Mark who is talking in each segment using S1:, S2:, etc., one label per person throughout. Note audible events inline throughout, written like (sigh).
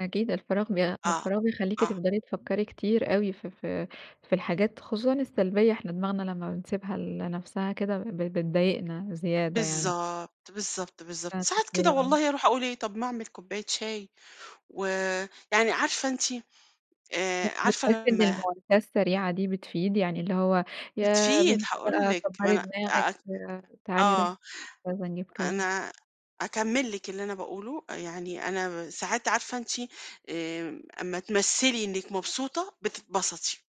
S1: أكيد، الفراغ بيع
S2: آه،
S1: الفراغ بيخليكِ
S2: آه.
S1: تفضل تفكري كتير أوي في في في الحاجات، خصوصًا السلبية. إحنا دماغنا لمّا بنسيبها ل لنفسها كده ب بتضايقنا زيادة يعني.
S2: بالضبط، بالضبط، بالضبط.
S1: (unintelligible)
S2: ساعات كده
S1: آه.
S2: والله أروح أقُول إيه، طَب ما أعمِل كوباية شاي و يعني عارفة أنتِ آآ،
S1: مش
S2: عارفة
S1: بتحسي إن
S2: لمّا
S1: المواساة السريعة دي بتفيد؟ يعني اللي هو يا
S2: بتفيد،
S1: بنت
S2: هاقول
S1: بقى
S2: لِك، ما
S1: كبري
S2: أنا
S1: دماغِك،
S2: أع
S1: تعالي، روحي
S2: آه،
S1: يالّا نجيب كذا.
S2: أنا أكمّل لِك اللي أنا باقُوله، يعني أنا ساعات عارفة أنتِ آمم، أما تمثلي إنِك مبسوطة، بتتبسطي.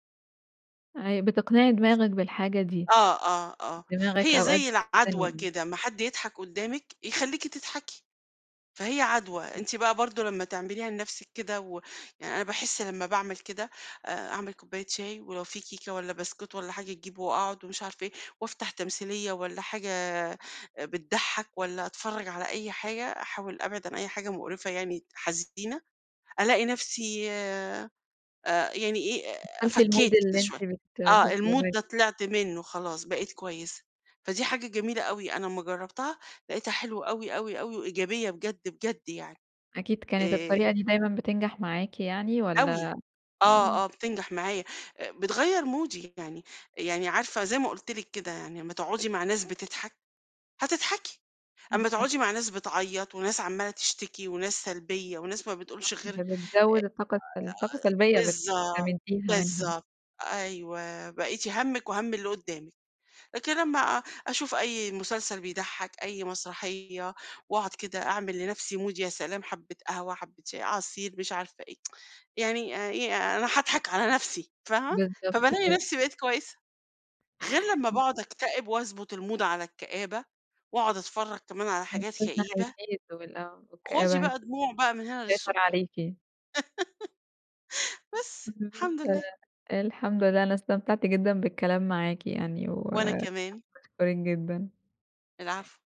S1: أيوه، بتقنعي دماغِك بالحاجة دي.
S2: آه، آه، آه.
S1: دماغِك
S2: هي
S1: أوقات
S2: زي العدوى
S1: (unintelligible)
S2: كده، أما حد يضحك قدامِك، يخليكِ تضحكي، فهي عدوى.
S1: امم.
S2: أنتِ بقى برضه لمّا تعمليها لنفسِك كده و يعني أنا باحس لمّا باعمِل كده آآ، أعمِل كوباية شاي ولو في كيكة والّا بسكوت والّا حاجة، أجيب وأقعد ومش عارفة إيه، وأفتح تمثيلية والّا حاجة بتضحك والّا أتفرج على أي حاجة. أحاول أبعِد عن أي حاجة مقرفة يعني حزينة، ألاقي نفسي آآ، يعني إيه،
S1: دخلتِ الmood
S2: فكيت كده
S1: اللي أنتِ
S2: شوية.
S1: بت
S2: آه، الmood ده
S1: (unintelligible)
S2: طلعت منه خلاص، بقيت كويسة. فدي حاجة جميلة أوي. أنا أما جربتها، لقيتها حلوة أوي، أوي، أوي، وإيجابية بجد، بجد يعني.
S1: أكيد، كانت
S2: آآ
S1: الطريقة دي دايمًا بتنجح معاكِ يعني
S2: أوي.
S1: والّا آمم.
S2: آه، آه، بتنجح معايا. أ بتغيّر مودي يعني. يعني عارفة زي ما قُلت لِك كده، يعني أمّا تقعدي مع ناس بتضحك، هتتضحكي.
S1: إمم،
S2: أما
S1: صح.
S2: تقعدي مع ناس بتعيّط، وناس عمّالة تشتكي، وناس سلبية وناس ما
S1: صح،
S2: بتقولش غير آآ
S1: دي بتزوّد الطاقة السل طاقة
S2: أ
S1: سلبية
S2: بالضبط
S1: بتستمديها منهم.
S2: بالضبط. أيوه، بقيتِ هَمِّك وهَم اللي قدامِك، لكن لمّا أشوف أي مسلسل بيضحك، أي مسرحية، واقعد كده أعمل لنفسي mood يا سلام حبّة قهوة، حبّة شاي، عصير، مش عارفة إيه (tsk) يعني آآ إيه أنا هاضحك على نفسي، فاهمة؟
S1: بالضبط
S2: فبالاقي
S1: كده.
S2: نفسي بقيت كويسة. غير لمّا
S1: إمم.
S2: باقعد أكتئب وأضبط الMood على الكآبة، وأقعد أتفرج كمان على حاجات
S1: الحزن
S2: كئيبة
S1: هيزيد وال آه،
S2: خدي
S1: والكآبة
S2: بقى دموع بقى من هنا
S1: هتسيطر
S2: للصبح.
S1: عليكِ.
S2: (laughs) بس،
S1: (unintelligible)
S2: الحمد لله.
S1: الحمد لله. أنا استمتعت جدًا بالكلام معاكِ يعني،
S2: وأنا
S1: وحابة
S2: كمان.
S1: أشكرِك جدًا.
S2: العفو.